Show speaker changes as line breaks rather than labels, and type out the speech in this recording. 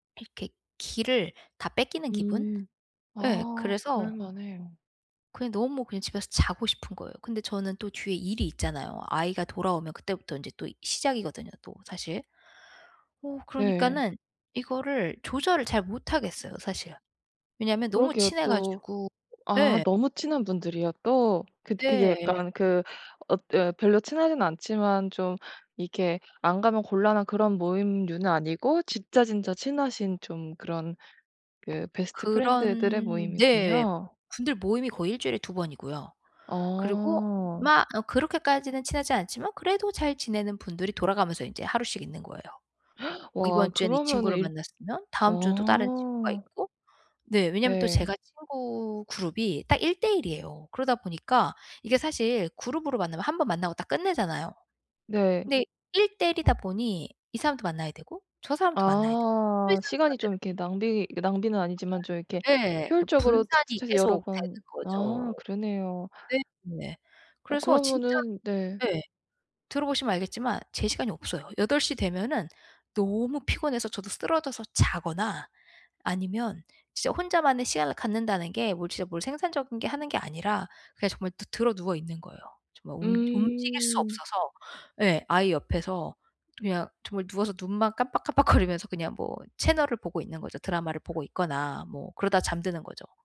이렇게 기를 다 뺏기는 기분?
음.
예.
아. 그럴
그래서
만해요.
그냥 너무 그냥 집에서 자고 싶은 거예요. 근데 저는 또 뒤에 일이 있잖아요. 아이가 돌아오면 그때부터 인제 또 시작이거든요, 또 사실. 어
네.
그러니까는 이거를 조절을 잘 못하겠어요, 사실. 왜냐면 너무
그러게요.
친해
또.
가지고
아
예.
너무 친한 분들이요 또. 그 그게
네.
약간 그 엇 어 별로 친하진 않지만 좀 이렇게 안 가면 곤란한 그런 모임류는 아니고 진짜 진짜 친하신 좀 그런 그 베스트 프렌드들의
그런 네.
모임이군요.
분들 모임이 거의 1 주일에 2 번이고요. 그리고
어.
막 어 그렇게까지는 친하지 않지만 그래도 잘 지내는 분들이 돌아가면서 인제 하루씩 있는 거예요. 어
와
이번 주에는 이
그러면은
친구를
일
만났으면 다음 주는 또 다른 친구가
어.
있고. 네. 왜냐하면 또
네.
제가 친구 그룹이 딱 1 대 1 이에요. 그러다 보니까 이게 사실 그룹으로 만나면 1 번 만나고 딱 끝내잖아요.
네.
근데 1 대 1 이다 보니 이 사람도 만나야 되고 저 사람도 만나야 되고 또 이
아.
사람도
시간이
만나야
좀 이렇게
되지.
낭비 낭비는 아니지만 좀 이렇게
그날 예. 그
효율적으로
분산이
착착착 해서 여러
계속되는
번
거죠.
아 그러네요.
네. 네.
어
그래서 진짜
그러면은 네.
예. 들어 보시면 알겠지만 제 시간이 없어요. 8 시 되면은 너무 피곤해서 저도 쓰러져서 자거나 아니면 진짜 혼자만의 시간을 갖는다는 게 뭘 진짜 뭘 생산적인 게 하는 게 아니라 그냥 정말 드 드러누워 있는 거예요. 정말 움 움직일 수
음.
없어서. 예 아이 옆에서 또 그냥 정말 누워서 눈만 깜빡 깜빡거리면서 그냥 뭐 채널을 보고 있는 거죠. 드라마를 보고 있거나 뭐 그러다 잠드는 거죠.